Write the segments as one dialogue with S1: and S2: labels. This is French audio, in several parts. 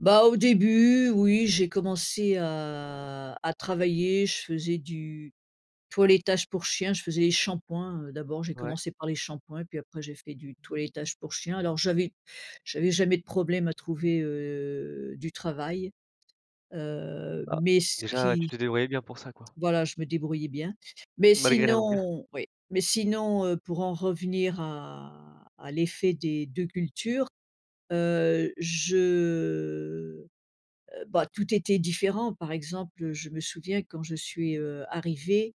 S1: Bah, au début oui, j'ai commencé à à travailler. Je faisais du toilettage pour chien, je faisais les shampoings, heu, d'abord j'ai
S2: Ouais.
S1: commencé par les shampoings et puis après j'ai fait du toilettage pour chien. Alors j'avais j'avais jamais de problème à trouver, heu, du travail, heu,
S2: Ah.
S1: mais ce
S2: Déjà ouais, tu
S1: qui
S2: t'es débrouillée bien pour ça quoi.
S1: voilà je me débrouillais bien. Mais
S2: Malgré la langue.
S1: sinon oui. Mais sinon, heu, pour en revenir à à l'effet des 2 cultures, heu, je heu, bah, tout était différent. Par exemple, heu, je me souviens quand je suis, heu, arrivée,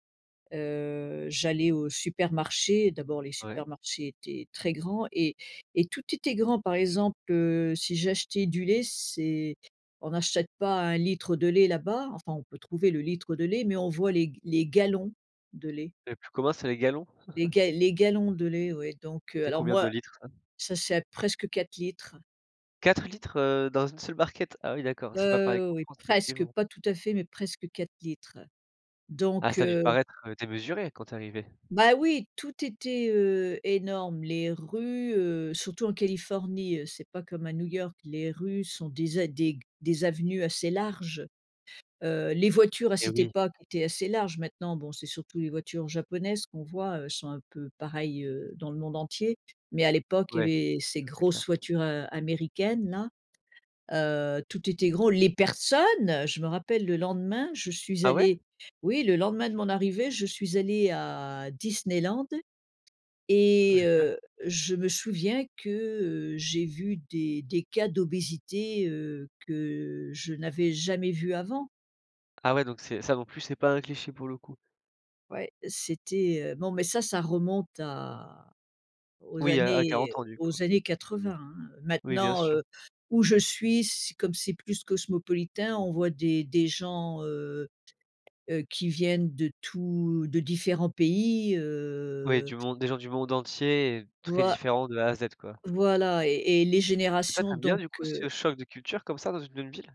S1: heu, j'allais au supermarché, d'abord les
S2: Ouais.
S1: supermarchés étaient très grands et et tout était grand. Par exemple, heu, si j'achetais du lait c'est on n'achète pas 1 litre de lait là-bas, enfin on peut trouver le litre de lait, mais on voit les g les gallons de lait.
S2: Le plus commun, c'est les gallons?
S1: Les ga les gallons de lait oui donc, heu,
S2: C'est
S1: alors
S2: combien de
S1: moi
S2: litres ça?
S1: ça c'est à presque 4 litres.
S2: 4 litres, heu, dans une seule barquette? Ah oui d'accord, c'est pas pareil
S1: Heu,
S2: qu'en
S1: oui
S2: France
S1: presque,
S2: effectivement.
S1: pas tout à fait mais presque 4 litres.
S2: Ah
S1: Donc,
S2: ça a dû te
S1: heu
S2: paraître, heu, démesuré quand tu es arrivée.
S1: Bah oui! Tout était, heu, énorme. Les rues, heu, surtout en Californie, heu, c'est pas comme à New York, les rues sont des a des g des avenues assez larges, heu, les voitures à
S2: Eh
S1: cette
S2: oui.
S1: époque étaient assez larges, maintenant bon c'est surtout les voitures japonaises qu'on voit, heu, elles sont un peu pareil, heu, dans le monde entier. Mais à l'époque,
S2: Ouais.
S1: il
S2: Ouais c'est
S1: y avait ces
S2: clair
S1: grosses
S2: ça.
S1: voitures, heu, américaines-là, heu, tout était gros, les personnes! Heu, je me rappelle le lendemain je suis
S2: Ah ouais?
S1: allée oui le lendemain de mon arrivée, je suis allée à Disneyland
S2: Oh
S1: et
S2: génial.
S1: heu, je me souviens que, heu, j'ai vu des des cas d'obésité, heu, que je n'avais jamais vu avant.
S2: Ah ouais donc c'est ça non plus c'est pas un cliché pour le coup?
S1: Ouais, c'était, heu bon mais ça, ça remonte à aux
S2: Oui à à
S1: années
S2: 40 ans du coup?
S1: aux années 80, hein, heu,
S2: Oui bien
S1: maintenant,
S2: sûr.
S1: heu, où je suis, c'est comme c'est plus cosmopolitain, on voit des des gens, heu, heu, qui viennent de tous de différents pays,
S2: Ouais
S1: heu
S2: du monde des gens du monde entier et très
S1: Voi
S2: différents de A à Z quoi?
S1: voilà et et les
S2: Et toi,
S1: générations
S2: tu aimes bien
S1: donc,
S2: du coup ce
S1: heu
S2: choc de culture comme ça dans une même ville?